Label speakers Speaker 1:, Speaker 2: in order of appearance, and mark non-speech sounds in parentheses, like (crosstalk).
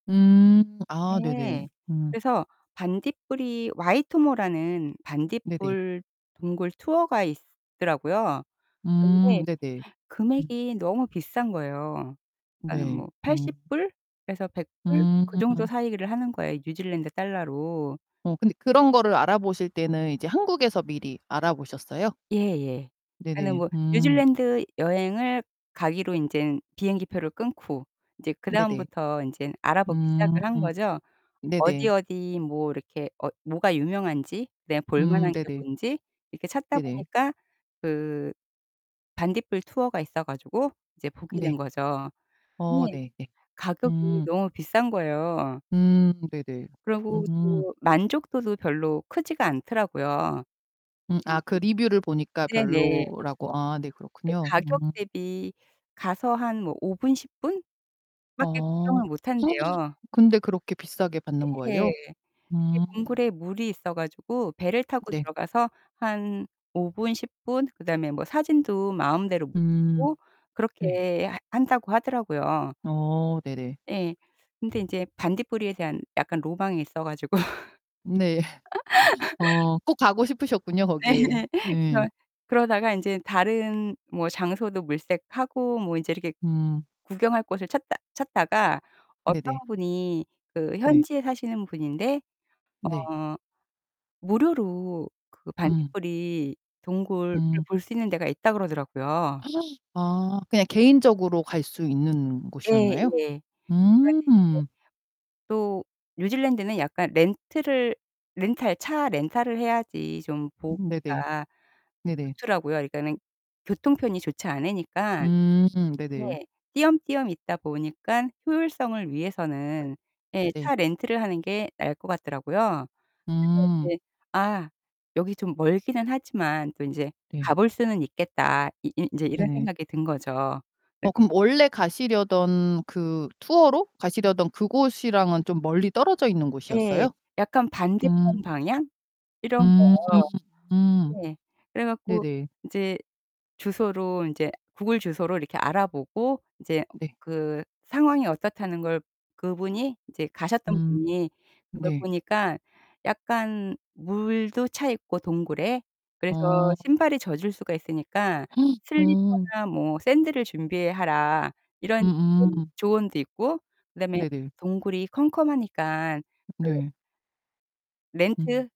Speaker 1: 음. 아, 네네.
Speaker 2: 네.
Speaker 1: 음.
Speaker 2: 그래서 반딧불이 와이토모라는
Speaker 1: 네네.
Speaker 2: 반딧불 동굴 투어가 있더라고요.
Speaker 1: 음.
Speaker 2: 근데
Speaker 1: 네네. 음.
Speaker 2: 금액이 너무 비싼 거예요. 그니까는
Speaker 1: 네.
Speaker 2: 뭐 팔십
Speaker 1: 음
Speaker 2: 불에서 $100 그 정도
Speaker 1: 음.
Speaker 2: 사이를 하는 거예요, 뉴질랜드 달러로.
Speaker 1: 어, 근데 그런 거를 알아보실 때는 이제 한국에서 미리 알아보셨어요?
Speaker 2: 예예. 그니까는
Speaker 1: 네네.
Speaker 2: 뭐
Speaker 1: 음.
Speaker 2: 뉴질랜드 여행을 가기로 인제는 비행기 표를 끊고 이제
Speaker 1: 네네.
Speaker 2: 그다음부터 인제는 알아보기
Speaker 1: 음.
Speaker 2: 시작을 한 거죠. 어디,
Speaker 1: 네네.
Speaker 2: 어디 뭐 이렇게 어 뭐가 유명한지 그다음에 볼
Speaker 1: 음,
Speaker 2: 만한 게
Speaker 1: 네네.
Speaker 2: 뭔지 이렇게 찾다
Speaker 1: 네네.
Speaker 2: 보니까 그 반딧불 투어가 있어 가지고 이제 보게 된
Speaker 1: 네.
Speaker 2: 거죠.
Speaker 1: 어
Speaker 2: 근데
Speaker 1: 네 네.
Speaker 2: 가격이
Speaker 1: 음.
Speaker 2: 너무 비싼 거예요.
Speaker 1: 음, 네네.
Speaker 2: 그러고
Speaker 1: 음.
Speaker 2: 또 만족도도 별로 크지가 않더라고요. 음.
Speaker 1: 음 아 그 리뷰를 보니까
Speaker 2: 네네.
Speaker 1: 별로라고 아 네,
Speaker 2: 그
Speaker 1: 그렇군요.
Speaker 2: 가격
Speaker 1: 음.
Speaker 2: 대비 가서 한 뭐 5 분, 10 분밖에
Speaker 1: 어.
Speaker 2: 구경을 못 한대요.
Speaker 1: (gasps) 근데 그렇게 비싸게 받는
Speaker 2: 예.
Speaker 1: 거예요?
Speaker 2: 그게
Speaker 1: 음.
Speaker 2: 동굴에 물이 있어 가지고 배를 타고
Speaker 1: 네.
Speaker 2: 들어가서 한 5 분, 10 분 그다음에 뭐 사진도 마음대로 못
Speaker 1: 음.
Speaker 2: 찍고
Speaker 1: 네.
Speaker 2: 그렇게 하 한다고 하더라고요.
Speaker 1: 어 네네.
Speaker 2: 예. 근데 인제 반딧불이에 대한 약간 로망이 있어 가지고.
Speaker 1: 네. (laughs)
Speaker 2: (laughs)
Speaker 1: 어. 꼭 가고 싶으셨군요,
Speaker 2: 네
Speaker 1: 거기.
Speaker 2: 예.
Speaker 1: 예.
Speaker 2: 그래서 그러다가 인제 다른 뭐 장소도 물색하고 뭐 인제 이렇게
Speaker 1: 음.
Speaker 2: 구경할 곳을 찾다 찾다가 어떤
Speaker 1: 네네.
Speaker 2: 분이 그
Speaker 1: 네.
Speaker 2: 현지에 사시는 분인데
Speaker 1: 네.
Speaker 2: 어 무료로 그
Speaker 1: 음.
Speaker 2: 반딧불이 동굴을
Speaker 1: 음.
Speaker 2: 볼 수 있는 데가 있다고 그러더라고요.
Speaker 1: (gasps) 아, 그냥 개인적으로 갈 수 있는
Speaker 2: 예. 예. 그래
Speaker 1: 곳이었나요?
Speaker 2: 가지고 인제
Speaker 1: 음.
Speaker 2: 또 뉴질랜드는 약간 렌트를 렌탈 차 렌탈을 해야지 좀
Speaker 1: 네네.
Speaker 2: 보기가
Speaker 1: 네네.
Speaker 2: 좋더라고요. 그러니까는 교통편이 좋지 않으니까.
Speaker 1: 음 네네.
Speaker 2: 네. 띄엄띄엄 있다 보니까 효율성을 위해서는 예,
Speaker 1: 네.
Speaker 2: 차 렌트를 하는 게 나을 것 같더라고요. 그래서
Speaker 1: 음.
Speaker 2: 이제 '아, 여기 좀 멀기는 하지만 또 인제 가
Speaker 1: 네.
Speaker 2: 볼 수는 있겠다.' 이 이 인제 이런
Speaker 1: 네네.
Speaker 2: 생각이 든 거죠.
Speaker 1: 어,
Speaker 2: (unintelligible)
Speaker 1: 그럼 원래 가시려던 그 투어로 가시려던 그곳이랑은 좀 멀리 떨어져 있는
Speaker 2: 예.
Speaker 1: 곳이었어요?
Speaker 2: 약간
Speaker 1: 음.
Speaker 2: 반대편 방향? 이런
Speaker 1: 음,
Speaker 2: 거.
Speaker 1: 음.
Speaker 2: 네. 그래 갖고
Speaker 1: 네네.
Speaker 2: 인제 주소로 인제 구글 주소로 이렇게 알아보고 이제
Speaker 1: 네.
Speaker 2: 그 상황이 어떻다는 걸 그분이 이제 가셨던
Speaker 1: 음.
Speaker 2: 분이 그걸
Speaker 1: 네.
Speaker 2: 보니까 '약간 물도 차 있고 동굴에 그래서
Speaker 1: 어.
Speaker 2: 신발이 젖을 수가 있으니까
Speaker 1: (gasps) 어.
Speaker 2: 슬리퍼나 뭐 샌들을 준비하라.' 이런 이제
Speaker 1: 음음.
Speaker 2: 조언도 있고 그다음에
Speaker 1: 네네.
Speaker 2: 동굴이 컴컴하니까 그
Speaker 1: 네. 음.
Speaker 2: 렌트